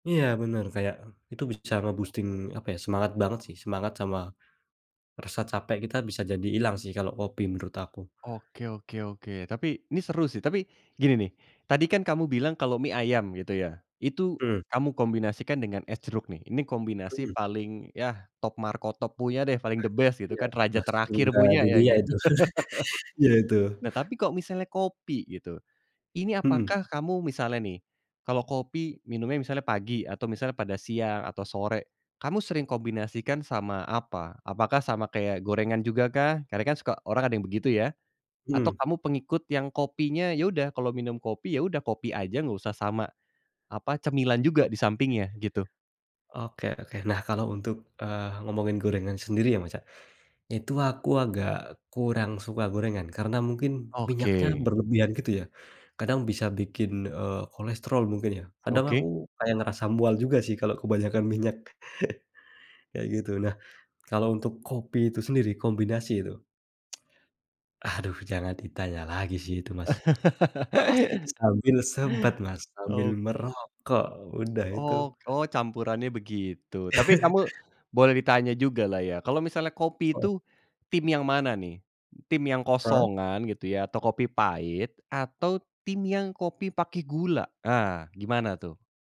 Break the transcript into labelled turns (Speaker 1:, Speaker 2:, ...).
Speaker 1: Iya bener, kayak, itu bisa nge-boosting, apa ya, semangat banget sih, semangat sama rasa capek kita bisa jadi ilang sih, kalo kopi menurut aku.
Speaker 2: Oke oke oke. Tapi, ini seru sih, tapi gini nih, tadi kan kamu bilang kalau mie ayam gitu ya, itu
Speaker 1: Mhm.
Speaker 2: kamu kombinasikan dengan es jeruk nih. Ini
Speaker 1: Mhm.
Speaker 2: kombinasi paling, ya, top markotop punya deh, paling
Speaker 1: Nah
Speaker 2: the best
Speaker 1: itu,
Speaker 2: gitu
Speaker 1: iya,
Speaker 2: kan, raja
Speaker 1: nah
Speaker 2: terakhir
Speaker 1: surga
Speaker 2: punya ya
Speaker 1: dunia
Speaker 2: kan.
Speaker 1: itu. Ya itu.
Speaker 2: Nah, tapi kok misalnya kopi gitu, ini
Speaker 1: Mhm.
Speaker 2: apakah kamu misalnya nih, kalau kopi minumnya misalnya pagi, atau misalnya pada siang, atau sore, kamu sering kombinasikan sama apa, apakah sama kayak gorengan jugakah? Karena kan suka orang ada yang begitu ya, atau
Speaker 1: Mhm.
Speaker 2: kamu pengikut yang kopinya ya udah, kalau minum kopi ya udah, kopi aja enggak usah sama apa, cemilan juga di sampingnya, gitu.
Speaker 1: Oke oke. Nah, kalau untuk, eee, ngomongin gorengan sendiri ya Mas, ya, itu aku agak kurang suka gorengan, karena mungkin minyaknya
Speaker 2: Oke.
Speaker 1: berlebihan gitu ya, kadang bisa bikin, eee, kolesterol mungkin ya. Kadang aku
Speaker 2: Oke.
Speaker 1: kayak ngerasa mual juga sih kalau kebanyakan minyak kayak gitu. Nah, kalau untuk kopi itu sendiri, kombinasi itu. Aduh jangan ditanya lagi sih itu Mas, pasti sambil sebat Mas, sambil
Speaker 2: Oh.
Speaker 1: merokok udah itu.
Speaker 2: Oh oh, campurannya begitu. Tapi, kamu boleh ditanya jugalah ya, kalau misalnya kopi
Speaker 1: Heeh.
Speaker 2: itu, tim yang mana nih? Tim yang
Speaker 1: Hah?
Speaker 2: kosongan gitu ya, atau kopi pahit, atau tim yang kopi pakai gula, ah, gimana tuh?